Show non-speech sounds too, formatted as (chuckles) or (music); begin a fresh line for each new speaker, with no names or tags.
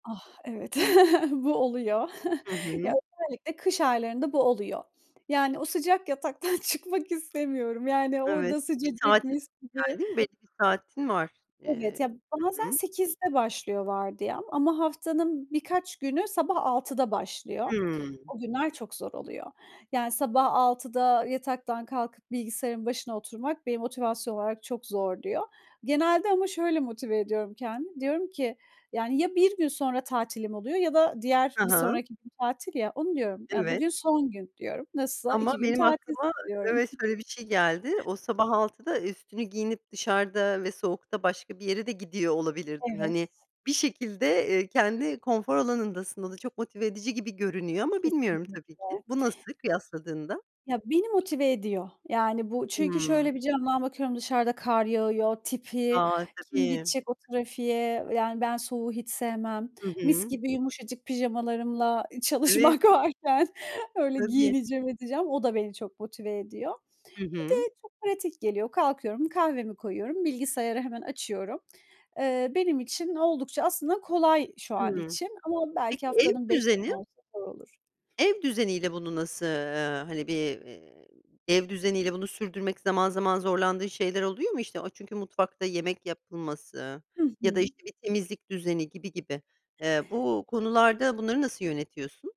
Ah, evet, (chuckles) bu oluyor.
Hı
Ya,
hı.
özellikle kış aylarında bu oluyor. Yani, o sıcak yataktan çıkmak istemiyorum. Yani
Evet,
orada
bir saatin
sıcacık mis
var
gibi
ama değil mi? Belli bir saatin var.
Evet,
Eee.
ya
Hı
bazen,
hı.
08.00´de başlıyor vardiyam, ama haftanın birkaç günü, sabah 06.00´da başlıyor.
Hıı.
O günler çok zor oluyor. Yani, sabah 06.00´da yataktan kalkıp bilgisayarın başına oturmak, beni motivasyon olarak çok zorluyor. Genelde, ama şöyle motive ediyorum kendimi. Diyorum ki, yani, ya bir gün sonra tatilim oluyor, ya da diğer
Hı
bir
hı.
sonraki gün tatil, ya, onu diyorum. Ya,
Evet.
bugün son gün, diyorum. Nasılsa
Ama
2 gün
benim
tatilsin,
aklıma
diyorum.
evet öyle bir şey geldi. O, sabah 06.00'da üstünü giyinip dışarıda ve soğukta, başka bir yere de gidiyor olabilirdin.
Evet.
Hani, bir şekilde, eee, kendi konfor alanındasın, o da çok motive edici gibi görünüyor, ama bilmiyorum tabii ki.
Kesinlikle.
Bu nasıl kıyasladığında?
Ya, beni motive ediyor. Yani bu, çünkü,
Hıı.
şöyle bir camdan bakıyorum, dışarıda kar yağıyor, tipi,
A,
kim
tabii.
gidecek o trafiğe, yani ben soğuğu hiç sevmem.
Hı
Mis
hı.
gibi yumuşacık pijamalarımla
Evet.
çalışmak varken, öyle
Tabii.
giyineceğim, edeceğim. O da, beni çok motive ediyor.
Hı
Bir
hı.
de çok pratik geliyor. Kalkıyorum, kahvemi koyuyorum, bilgisayarı hemen açıyorum. Eee, benim için oldukça aslında kolay şu an
Hı.
için, ama belki
Peki, ev
haftanın 5
düzeni?
günü olsa da olur.
Ev düzeniyle, bunu nasıl, eee, hani bir, eee, ev düzeniyle bunu sürdürmek zaman, zaman zorlandığın şeyler oluyor mu? O, çünkü, mutfakta yemek yapılması,
Hı
ya da,
hı.
işte, bir temizlik düzeni gibi gibi. Eee, bu konularda, bunları nasıl yönetiyorsun?